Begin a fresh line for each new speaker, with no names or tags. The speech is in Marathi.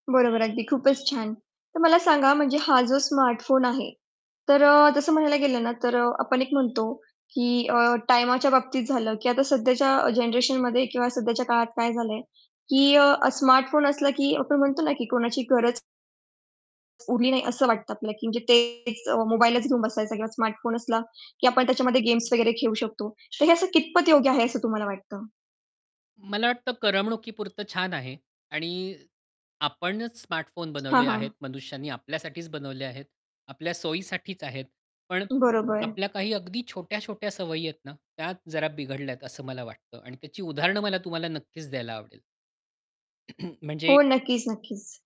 बरोबर अगदी खूपच छान. तर मला सांगा म्हणजे हा जो स्मार्ट फोन आहे, तर अ, तसं म्हणायला गेलं ना, तर आपण एक म्हणतो की अ, टाईमाच्या बाबतीत झालं, की आता सध्याच्या अ, जनरेशनमध्ये किंवा सध्याच्या काळात काय झालंय, की अ, स्मार्ट फोन असला की आपण म्हणतो ना की कोणाची गरज उरली नाही असं वाटतं आपल्याला, म्हणजे तेच मोबाईलचं घेऊन बसायचं किंवा स्मार्ट फोन असला, की आपण त्याच्यामध्ये गेम्स वगैरे खेळू शकतो. तर हे असं कितपत योग्य आहे, असं तुम्हाला वाटतं?
मला वाटतं करमणुकीपुरतं छान आहे. आणि आपणच स्मार्टफोन
हां,
बनवले
हां.
आहेत मनुष्यांनी, आपल्यासाठीच बनवले आहेत. आपल्या सोयीसाठीच आहेत. पण
बरोबर.
आपल्या काही अगदी छोट्या-छोट्या सवयी आहेत ना, त्या जरा बिघडल्यात असं मला वाटतं आणि त्याची उदाहरण मला तुम्हाला नक्कीच द्यायला आवडेल. म्हणजे
हो. नक्कीच, नक्कीच.